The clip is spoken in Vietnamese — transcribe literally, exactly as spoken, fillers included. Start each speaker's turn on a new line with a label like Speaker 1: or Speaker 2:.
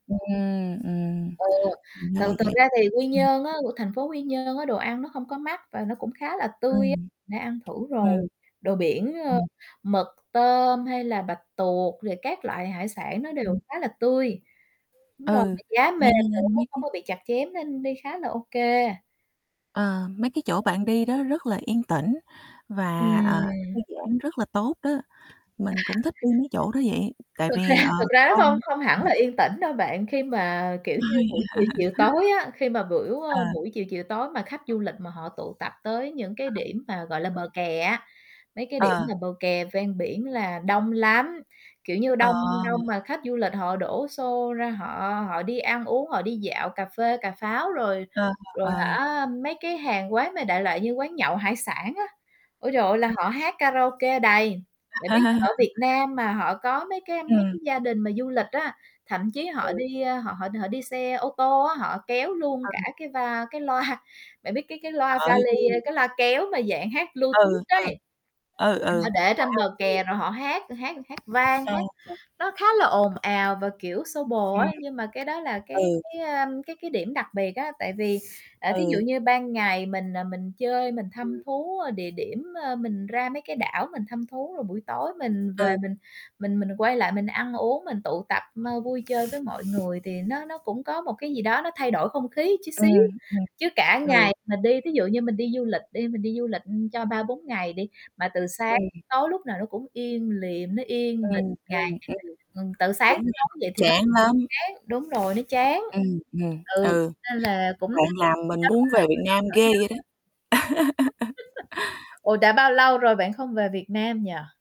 Speaker 1: Ừm, ừm.
Speaker 2: Ừ,
Speaker 1: Ra là
Speaker 2: thật thật
Speaker 1: vậy.
Speaker 2: ra thì Quy
Speaker 1: Ừm.
Speaker 2: Nhơn á, c thành phố Quy Nhơn á, đồ ăn nó không có mắc và nó cũng khá là tươi á,
Speaker 1: Ừm.
Speaker 2: [unintelligible] đã ăn thử
Speaker 1: Ừm.
Speaker 2: rồi, đồ biển, ờ,
Speaker 1: Ừm.
Speaker 2: mực, tôm, hay là bạch tuộc, rồi các loại hải sản nó đều
Speaker 1: Ừm.
Speaker 2: khá là tươi. Đúng rồi,
Speaker 1: Ừ,
Speaker 2: mà giá
Speaker 1: nghe
Speaker 2: mềm
Speaker 1: nghe
Speaker 2: nữa,
Speaker 1: mấy
Speaker 2: không
Speaker 1: cái
Speaker 2: có bị chặt chém nên đi khá là OK.
Speaker 1: Ờ, mấy cái chỗ bạn đi đó rất là yên tĩnh và, ờ, thư
Speaker 2: Ừm.
Speaker 1: giãn rất là tốt đó. Mình cũng thích đi mấy chỗ đó vậy, tại
Speaker 2: Thực ra
Speaker 1: vì, ờ,
Speaker 2: thực ra nó
Speaker 1: con
Speaker 2: không không hẳn
Speaker 1: mình
Speaker 2: là yên tĩnh đâu bạn, khi mà, kiểu như,
Speaker 1: Ôi.
Speaker 2: buổi chiều chiều tối á, khi mà biểu ờ,
Speaker 1: À.
Speaker 2: buổi chiều chiều tối mà khách du lịch mà họ tụ tập tới những cái
Speaker 1: Ờ.
Speaker 2: điểm mà, gọi là,
Speaker 1: Ừ.
Speaker 2: bờ kè á, mấy cái điểm
Speaker 1: Ờ.
Speaker 2: là bờ kè ven biển là đông lắm. Kiểu như,
Speaker 1: Ờ.
Speaker 2: đông đông mà khách du lịch họ đổ xô ra họ họ đi ăn uống, họ đi dạo, cà phê cà pháo. Rồi
Speaker 1: Ờ,
Speaker 2: rồi
Speaker 1: ờ.
Speaker 2: hả, mấy cái hàng quán mà đại loại như quán nhậu hải sản á, ôi trời ơi, là
Speaker 1: Ừ.
Speaker 2: họ hát karaoke đầy. Bạn biết là ở Việt Nam mà họ có mấy cái mấy
Speaker 1: Ừm.
Speaker 2: cái gia đình mà du lịch á, thậm chí họ
Speaker 1: Ừ.
Speaker 2: đi, ơ, họ họ họ đi xe ô tô á, họ kéo luôn
Speaker 1: Ừ.
Speaker 2: cả cái va cái loa. Bạn biết, cái cái,
Speaker 1: Trời
Speaker 2: loa
Speaker 1: ơi, vui
Speaker 2: vali, ơ,
Speaker 1: vậy?
Speaker 2: cái, loa kéo mà dạng hát
Speaker 1: Ừ,
Speaker 2: Bluetooth
Speaker 1: ừ,
Speaker 2: đấy.
Speaker 1: ừ, ừ,
Speaker 2: Họ để trên
Speaker 1: wow!
Speaker 2: bờ
Speaker 1: Vui vậy.
Speaker 2: kè rồi họ hát hát hát vang,
Speaker 1: Ờ.
Speaker 2: hát nó khá là ồn ào, và, kiểu, xô bồ
Speaker 1: Ừm.
Speaker 2: á, nhưng mà cái đó là, cái
Speaker 1: Ừ.
Speaker 2: cái, à, cái cái, điểm đặc biệt á. Tại vì, à, thí dụ
Speaker 1: Ừ.
Speaker 2: như ban ngày mình, ờ, mình chơi, mình thăm
Speaker 1: Ừm.
Speaker 2: thú, ơ, địa điểm, ờ, mình ra mấy cái đảo mình thăm thú. Rồi buổi tối mình về
Speaker 1: Ừ.
Speaker 2: mình mình mình quay lại mình ăn uống, mình tụ tập, ơ, vui chơi với mọi người, thì nó nó cũng có một cái gì đó nó thay đổi không khí chút xíu.
Speaker 1: Ừm, ừm,
Speaker 2: Chứ cả
Speaker 1: ừ.
Speaker 2: ngày mà đi, ví dụ như mình đi du lịch đi, mình đi du lịch cho ba bốn ngày đi, mà từ sáng
Speaker 1: Ừm.
Speaker 2: tới tối, lúc nào nó cũng im lìm, nó yên bình
Speaker 1: Ừm,
Speaker 2: ngày
Speaker 1: ừm, ừm.
Speaker 2: ừm, từ sáng
Speaker 1: Đúng
Speaker 2: tới
Speaker 1: nha,
Speaker 2: tối vậy thì nó
Speaker 1: chán
Speaker 2: cũng
Speaker 1: lắm.
Speaker 2: chán, đúng rồi, nó chán.
Speaker 1: Ừm, ừm,
Speaker 2: Ừ,
Speaker 1: ừ.
Speaker 2: nên là cũng
Speaker 1: Bạn
Speaker 2: thay đổi
Speaker 1: làm mình
Speaker 2: gió á,
Speaker 1: muốn về Việt
Speaker 2: mình
Speaker 1: Nam
Speaker 2: đổi đổi
Speaker 1: ghê
Speaker 2: gió
Speaker 1: vậy đó.
Speaker 2: á. Ủa, đã bao lâu rồi bạn không về Việt Nam nhỉ?